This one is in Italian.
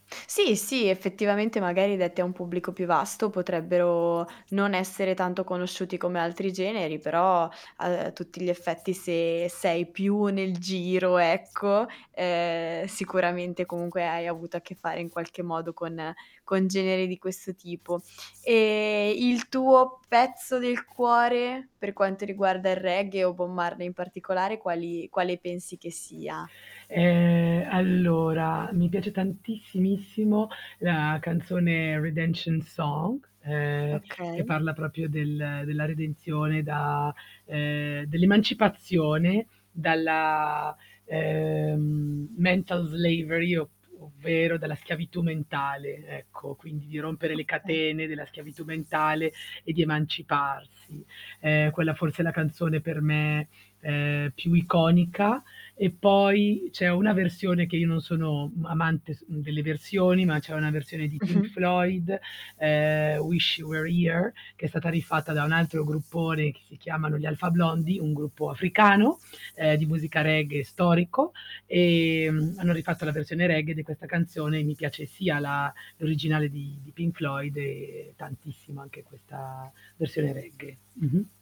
Sì, sì, effettivamente magari detti a un pubblico più vasto, potrebbero non essere tanto conosciuti come altri generi, però a, uhm, tutti gli effetti se sei più nel giro ecco, ehm, sicuramente comunque hai avuto a che fare in qualche modo con con generi di questo tipo. Ehm, il tuo pezzo del cuore, per quanto riguarda il reggae o Bob Marley in particolare quali quale pensi che sia? Ehm, allora, mi piace tantissimissimo la canzone Redemption Song, ehm, che Okay. parla proprio del della redenzione da ehm, dell'emancipazione, dalla, ehm, mental slavery op ovvero dalla schiavitù mentale, ecco, quindi di rompere le Okay. catene della schiavitù mentale e di emanciparsi. Ehm, quella forse è la canzone per me, ehm, più iconica, e poi c'è una versione che io non sono, mhmm, amante s delle versioni, ma c'è una versione di Pink Mh-mh. Floyd, ehm, Wish You Were Here che è stata rifatta da un altro gruppone che si chiamano gli Alpha Blondy, un gruppo africano, ehm, di musica reggae storico. Ehm, hanno rifatto la versione reggae di questa canzone, mi piace sia la l'originale di di Pink Floyd e tantissimo anche questa versione reggae. Mh-mh.